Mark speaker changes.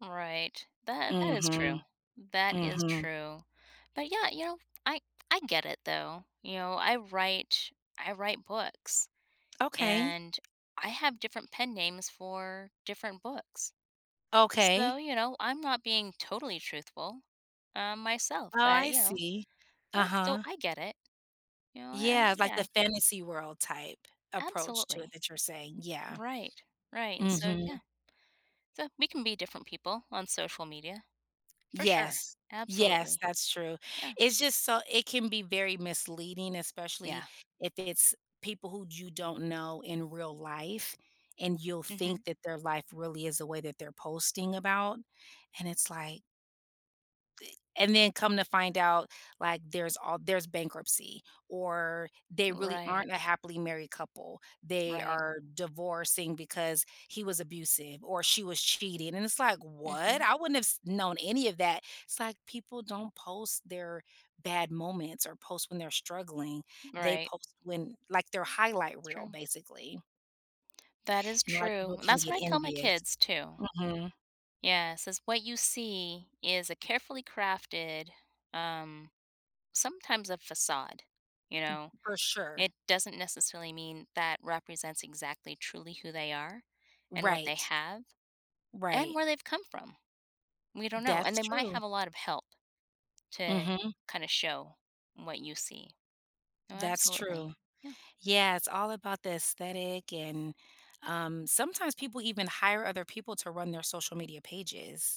Speaker 1: Right. That that is
Speaker 2: Mhm.
Speaker 1: true. That is
Speaker 2: Mhm.
Speaker 1: true, but, yeah, you know, I I get it, though, you know, I write I write books,
Speaker 2: Okay.
Speaker 1: and I have different pen names for different books. So,
Speaker 2: Okay.
Speaker 1: you know, I'm not being totally truthful, uh, myself,
Speaker 2: Oh,
Speaker 1: but
Speaker 2: I
Speaker 1: you know,
Speaker 2: see.
Speaker 1: eh, so
Speaker 2: Uh-huh.
Speaker 1: I get it, you know, eh,
Speaker 2: Yeah, like
Speaker 1: yeah,
Speaker 2: the
Speaker 1: I
Speaker 2: fantasy world type approach to
Speaker 1: Absolutely.
Speaker 2: what that you're saying, yeah.
Speaker 1: Right, right, and so, yeah.
Speaker 2: Mhm.
Speaker 1: So we can be different people on social media, for sure.
Speaker 2: Yes, yes,
Speaker 1: Absolutely.
Speaker 2: that's true,
Speaker 1: Yeah.
Speaker 2: it's just so it can be very misleading, especially
Speaker 1: Yeah.
Speaker 2: if it's people who you don't know in real life and you'll think
Speaker 1: Mhm.
Speaker 2: that their life really is the way that they're posting about, and it's like The and then come to find out, like there's all there's bankruptcy or they really
Speaker 1: Right.
Speaker 2: aren't a happily married couple. They
Speaker 1: Right.
Speaker 2: are divorcing because he was abusive or she was cheating, and it's like, "What?
Speaker 1: Mhm.
Speaker 2: I wouldn't have s known any of that," it's like people don't post their bad moments or post when they're struggling, they
Speaker 1: Right.
Speaker 2: post when like their highlight reel
Speaker 1: True.
Speaker 2: basically.
Speaker 1: That is
Speaker 2: And a lot of
Speaker 1: true.
Speaker 2: people can
Speaker 1: That's
Speaker 2: get
Speaker 1: what I tell my
Speaker 2: envious.
Speaker 1: kids, too.
Speaker 2: Mhm.
Speaker 1: Yeah, since what you see is a carefully crafted, um sometimes a facade, you know?
Speaker 2: For sure.
Speaker 1: It doesn't necessarily mean that represents exactly truly who they are and what they
Speaker 2: Right.
Speaker 1: have and
Speaker 2: Right.
Speaker 1: where they've come from. We don't know, and
Speaker 2: That's
Speaker 1: they might
Speaker 2: true.
Speaker 1: have a lot of help to
Speaker 2: Mhm.
Speaker 1: kinda show what you see. Oh,
Speaker 2: That's
Speaker 1: absolutely.
Speaker 2: true.
Speaker 1: Yeah.
Speaker 2: Yeah, it's all about the aesthetic and, um, sometimes people even hire other people to run their social media pages.